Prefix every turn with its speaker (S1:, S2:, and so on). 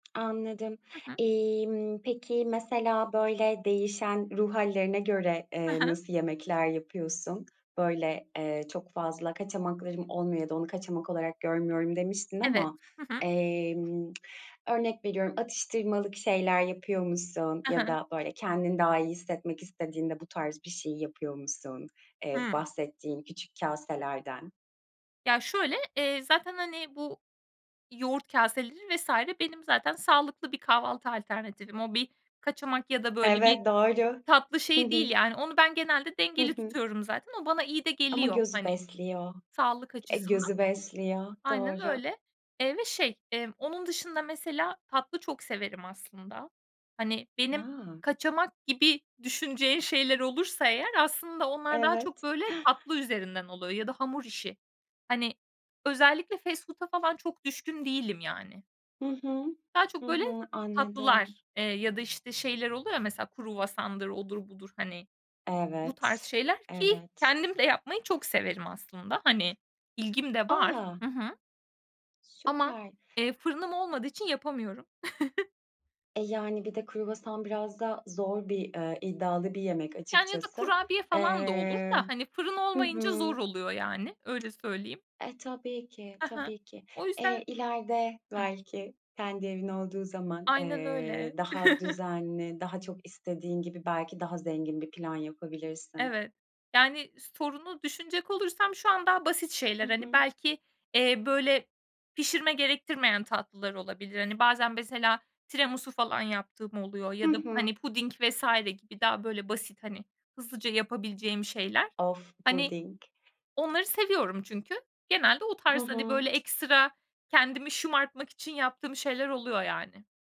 S1: Anladım.
S2: Hı hı.
S1: Emm, peki, mesela, böyle, değişen ruh hâllerine göre,
S2: Hı
S1: eee,
S2: hı.
S1: nasıl yemekler yapıyorsun? Böyle, eee, çok fazla kaçamaklarım olmuyor ya da onu kaçamak olarak görmüyorum, demiştin
S2: Evet.
S1: ama,
S2: Hı hı.
S1: emm, örnek veriyorum, atıştırmalık şeyler yapıyor musun
S2: Hı
S1: ya
S2: hı.
S1: da, böyle, kendini daha iyi hissetmek istediğinde bu tarz bir şeyi yapıyor musun, eee,
S2: Hımm.
S1: bahsettiğin küçük kaselerden?
S2: Ya, şöyle, eee, zaten, hani, bu yoğurt kaseleri vs. benim zaten sağlıklı bir kahvaltı alternatifim. O bir kaçamak ya da, böyle, bir
S1: Evet, doğru.
S2: tatlı
S1: Hı
S2: şeyi değil,
S1: hı.
S2: yani. Onu ben genelde
S1: Hı
S2: dengeli
S1: hı.
S2: tutuyorum zaten. O bana iyi de
S1: Ama
S2: geliyor,
S1: gözü
S2: hani,
S1: besliyor.
S2: sağlık
S1: E,
S2: açısından.
S1: gözü besliyor.
S2: Aynen
S1: Doğru.
S2: öyle, eee, ve şey, emm, onun dışında, mesela, tatlı çok severim, aslında. Ha ni, benim
S1: Ya.
S2: kaçamak gibi düşünceye şeyler olursa eğer aslında onlar daha çok,
S1: Evet.
S2: böyle, tatlı üzerinden oluyor ya da hamur işi. Hani, özellikle fast food'a falan çok düşkün değilim, yani.
S1: Hı hı.
S2: Daha çok,
S1: Hı
S2: böyle,
S1: hı, anladım.
S2: tatlılar, eee, ya da, işte, şeyler oluyor ya, mesela, kruvasandır, odur budur, hani, bu tarz
S1: Evet.
S2: şeyler ki,
S1: Evet.
S2: kendim de yapmayı çok severim, aslında. Hani, ilgim de var,
S1: A!
S2: hı hı. Ama,
S1: Süper.
S2: eee, fırınım olmadığı için yapamıyorum.
S1: E, yani, bir de kruvasan biraz da zor bir, eee, iddialı bir yemek
S2: Yani, ya da
S1: açıkçası.
S2: kurabiye falan da olur
S1: Eee,
S2: da, hani, fırın
S1: hı
S2: olmayınca
S1: hı.
S2: zor oluyor, yani, öyle söyleyeyim.
S1: E, tabii ki,
S2: Ha ha.
S1: tabii ki.
S2: O yüzden,
S1: Eee, ileride
S2: hımm.
S1: belki kendi evin olduğu zaman,
S2: Aynen
S1: eee,
S2: öyle.
S1: daha düzenli, daha çok istediğin gibi, belki daha zengin bir plan yapabilirsin.
S2: Evet. Yani, sorunu düşünecek olursam, şu an daha basit
S1: Hı
S2: şeyler, hani,
S1: hı.
S2: belki, eee, böyle, pişirme gerektirmeyen tatlılar olabilir. Hani, bazen, mesela, tiramisu falan yaptığım oluyor
S1: Hı
S2: ya da,
S1: hı.
S2: hani, puding vs. gibi, daha böyle basit, hani, hızlıca yapabileceğim şeyler.
S1: Of!
S2: Hani,
S1: Puding.
S2: onları seviyorum çünkü genelde o
S1: Hı
S2: tarz, hani, böyle,
S1: hı.
S2: ekstra kendimi şımartmak için yaptığım şeyler oluyor, yani.